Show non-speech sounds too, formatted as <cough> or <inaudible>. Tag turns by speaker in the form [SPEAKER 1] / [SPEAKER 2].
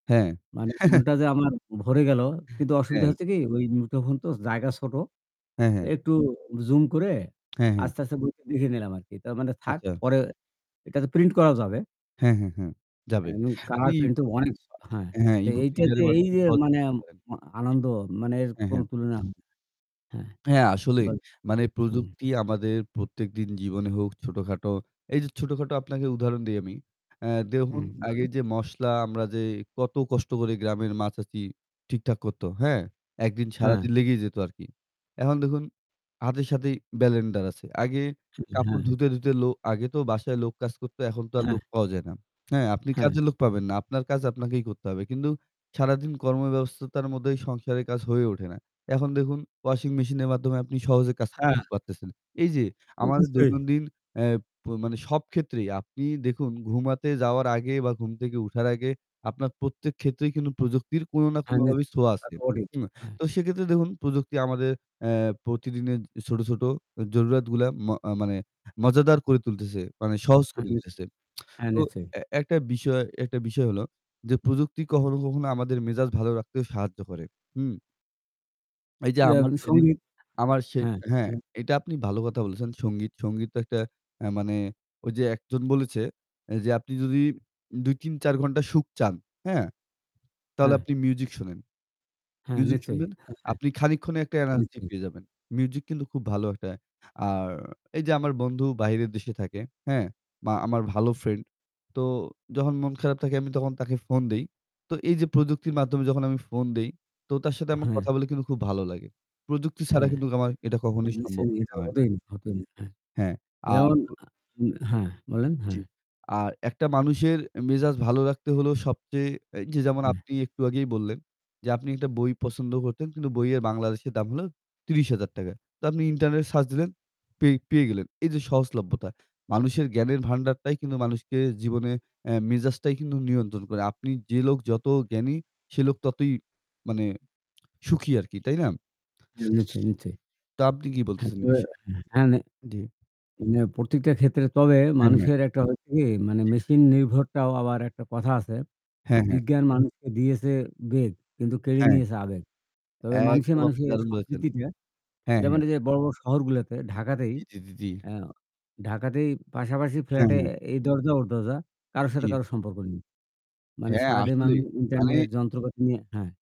[SPEAKER 1] হ্যাঁ।
[SPEAKER 2] মানে
[SPEAKER 1] <chuckles>
[SPEAKER 2] মনটা যে আমার ভরে গেল। কিন্তু অসুবিধা
[SPEAKER 1] হ্যাঁ।
[SPEAKER 2] হচ্ছে কি ওই মুঠোফোন তো জায়গা ছোট। তো
[SPEAKER 1] হ্যাঁ, হ্যাঁ।
[SPEAKER 2] একটু জুম করে
[SPEAKER 1] হ্যাঁ। হ্যাঁ।
[SPEAKER 2] আস্তে, আস্তে, বইটা দেখে নিলাম আরকি। তার মানে থাক
[SPEAKER 1] আচ্ছা।
[SPEAKER 2] পরে এটা তো প্রিন্ট করাও যাবে।
[SPEAKER 1] হ্যাঁ, হ্যাঁ, হ্যাঁ, যাবে।
[SPEAKER 2] এমন
[SPEAKER 1] আপনি
[SPEAKER 2] কালারপ্রিন্ট তো অনেক হ্যাঁ।
[SPEAKER 1] হ্যাঁ
[SPEAKER 2] তো
[SPEAKER 1] ইবুক
[SPEAKER 2] এইটাতে
[SPEAKER 1] রিডারের
[SPEAKER 2] এই
[SPEAKER 1] মাধ্যমে
[SPEAKER 2] যে
[SPEAKER 1] সহজে
[SPEAKER 2] মানে
[SPEAKER 1] পড়তে পারেন।
[SPEAKER 2] ম
[SPEAKER 1] জি,
[SPEAKER 2] আনন্দ মানে এর
[SPEAKER 1] হ্যাঁ,
[SPEAKER 2] কোন
[SPEAKER 1] হ্যাঁ।
[SPEAKER 2] তুলনা হয়না। হ্যাঁ।
[SPEAKER 1] হ্যাঁ, আসলেই।
[SPEAKER 2] বলেন।
[SPEAKER 1] মানে
[SPEAKER 2] হ্যাঁ।
[SPEAKER 1] প্রযুক্তি আমাদের প্রত্যেকদিন জীবনে হোক, ছোটখাটো। এই যে ছোটখাটো আপনাকে উদাহরণ দেই আমি। আ
[SPEAKER 2] হু,
[SPEAKER 1] দেখুন আগে
[SPEAKER 2] বলুন
[SPEAKER 1] যে মসলা আমরা যে কত কষ্ট করে গ্রামের মা-চাচি ঠিকঠাক করত। হ্যাঁ। একদিন
[SPEAKER 2] হ্যাঁ।
[SPEAKER 1] সারাদিন লেগেই যেত আরকি। এখন দেখুন হাতের সাথেই ব্লেন্ডার আছে। আগে কাপড়
[SPEAKER 2] হ্যাঁ।
[SPEAKER 1] ধুতে, ধুতে, লো আগে তো বাসায় লোক কাজ করতো, এখন তো আর
[SPEAKER 2] হ্যাঁ।
[SPEAKER 1] লোক পাওয়া যায় না। হ্যাঁ আপনি
[SPEAKER 2] হ্যাঁ।
[SPEAKER 1] কাজের লোক পাবেন না। আপনার কাজ আপনাকেই করতে হবে। কিন্তু সারাদিন কর্মব্যবস্থার মধ্যে এই সংসারের কাজ হয়ে ওঠে না। এখন দেখুন ওয়াশিং মেশিন এর মাধ্যমে আপনি সহজে কাজ
[SPEAKER 2] হ্যাঁ।
[SPEAKER 1] করতে পারতেছেন। এই যে আমাদের
[SPEAKER 2] নিশ্চই।
[SPEAKER 1] দৈনন্দিন অ্যা মানে সব ক্ষেত্রেই আপনি দেখুন ঘুমাতে যাওয়ার আগে বা ঘুম থেকে উঠার আগে। আপনার প্রত্যেক ক্ষেত্রেই কিন্তু প্রযুক্তির কোন না
[SPEAKER 2] হ্যাঁ
[SPEAKER 1] কোনভাবেই
[SPEAKER 2] নিশ্চয়।
[SPEAKER 1] ছোয়া
[SPEAKER 2] তা
[SPEAKER 1] আছে।
[SPEAKER 2] তো বটেই।
[SPEAKER 1] হুম, তো সেক্ষেত্রে দেখুন প্রযুক্তি আমাদের এ্যা প্রতিদিনের ছোট, ছোট, জরুরাতগুলা ম মানে মজাদার করে তুলতেছে। মানে সহজ
[SPEAKER 2] হ্যা,
[SPEAKER 1] করে
[SPEAKER 2] নিশ্চয়।
[SPEAKER 1] তুলতেছে। <tsk>
[SPEAKER 2] হ্যাঁ,
[SPEAKER 1] তো
[SPEAKER 2] নিশ্চয়।
[SPEAKER 1] এ একটা বিষয় একটা বিষয় হল যে প্রযুক্তি কখনো, কখনো আমাদের মেজাজ ভালো রাখতে সাহায্য করে। হুম। এই যে আমার
[SPEAKER 2] যেমন
[SPEAKER 1] সেদিন
[SPEAKER 2] সঙ্গীত
[SPEAKER 1] আমার সে
[SPEAKER 2] এ হ্যাঁ,
[SPEAKER 1] হ্যাঁ
[SPEAKER 2] বলেন।
[SPEAKER 1] এইটা আপনি ভালো কথা বলেছেন। সঙ্গীত, সঙ্গীত, একটা এ্যা মানে ওই যে একজন বলেছে এ্যা যে আপনি যদি ২-৩-৪ ঘণ্টা সুখ চান, হ্যাঁ। তাহলে
[SPEAKER 2] হ্যাঁ।
[SPEAKER 1] আপনি মিউজিক শোনেন।
[SPEAKER 2] হ্যাঁ
[SPEAKER 1] মিউজিক
[SPEAKER 2] নিশ্চয়ই।
[SPEAKER 1] শুনবেন।
[SPEAKER 2] <chuckles>
[SPEAKER 1] আপনি খানিকক্ষণ একটা এনার্জি
[SPEAKER 2] নিশ্চয়ই।
[SPEAKER 1] পেয়ে যাবেন। মিউজিক কিন্তু খুব ভালো একটা। আর এই যে আমার বন্ধু বাইরের দেশে থাকে। হ্যাঁ মা আমার ভালো ফ্রেন্ড। তো যখন মন খারাপ থাকে আমি তখন তাকে ফোন দেই। তো এইযে প্রযুক্তির মাধ্যমে যখন আমি ফোন দেই। তো তার সাথে আমার
[SPEAKER 2] হ্যাঁ।
[SPEAKER 1] কথা বলে খুব ভালো লাগে। প্রযুক্তি ছাড়া
[SPEAKER 2] হ্যাঁ।
[SPEAKER 1] কিন্তু আমার এটা
[SPEAKER 2] হ্যাঁ,
[SPEAKER 1] কখনোই
[SPEAKER 2] নিশ্চয়
[SPEAKER 1] সম্ভব হত না।
[SPEAKER 2] <unintelligible>
[SPEAKER 1] হ্যাঁ আর
[SPEAKER 2] যেমন হ্যাঁ, বলেন,
[SPEAKER 1] জি,
[SPEAKER 2] হ্যাঁ।
[SPEAKER 1] আর একটা মানুষের মেজাজ ভালো রাখতে হলো সবচেয়ে এই যে, যেমন
[SPEAKER 2] হু।
[SPEAKER 1] আপনি একটু আগেই বললেন, যে আপনি একটা বই পছন্দ করতেন। কিন্তু বইয়ের বাংলাদেশের দাম হলো ৳৩০,০০০ তো আপনি ইন্টারনেট সার্চ দিলেন, পে পেয়ে গেলেন। এই যে সহজলভ্যতা। মানুষের জ্ঞানের ভান্ডারটাই কিন্তু মানুষকে জীবনে এ্যা মেজাজটাই কিন্তু নিয়ন্ত্রণ করে। আপনি যে লোক যত জ্ঞানী সে লোক ততই মানে সুখী আরকি। তাই না?
[SPEAKER 2] হ্যাঁ নিশ্চই, নিশ্চয়ই।
[SPEAKER 1] তা আপনি কি বলতেছেন এ বিষয়ে?
[SPEAKER 2] <unintelligible> হ্যাঁ। নে
[SPEAKER 1] জ্বী।
[SPEAKER 2] হ্যাঁ, প্রত্যেকটা ক্ষেত্রে তবে
[SPEAKER 1] হ্যাঁ, হ্যাঁ।
[SPEAKER 2] মানুষের একটা হচ্ছে কি মানে
[SPEAKER 1] জি।
[SPEAKER 2] মেশিন নির্ভরটাও আবার একটা কথা আছে যে,
[SPEAKER 1] হ্যাঁ, হ্যাঁ।
[SPEAKER 2] "বিজ্ঞান মানুষকে দিয়েছে বেগ কিন্তু কেড়ে
[SPEAKER 1] হ্যাঁ।
[SPEAKER 2] নিয়েছে আবেগ" তবে মানুষে,
[SPEAKER 1] একদম, আপনি
[SPEAKER 2] মানুষে
[SPEAKER 1] দারুণ বলেছেন।
[SPEAKER 2] সম্প্রীতিটা
[SPEAKER 1] হ্যাঁ,
[SPEAKER 2] যেমন
[SPEAKER 1] হ্যাঁ।
[SPEAKER 2] এইযে বড়ো বড়ো শহরগুলোতে ঢাকাতেই
[SPEAKER 1] জি, জি, জি, জি।
[SPEAKER 2] এ্যা ঢাকাতেই পাশাপাশি
[SPEAKER 1] হ্যাঁ,
[SPEAKER 2] ফ্ল্যাটে
[SPEAKER 1] হ্যাঁ।
[SPEAKER 2] এই দরজা ওর দরজা, কারোর সাথে
[SPEAKER 1] জ্বী।
[SPEAKER 2] কারো সম্পর্ক নেই। মানে
[SPEAKER 1] হ্যাঁ
[SPEAKER 2] সারাদিন
[SPEAKER 1] আসলেই।
[SPEAKER 2] মানুষ
[SPEAKER 1] মানে
[SPEAKER 2] ইন্টারনেট যন্ত্রপাতি নিয়ে হ্যাঁ।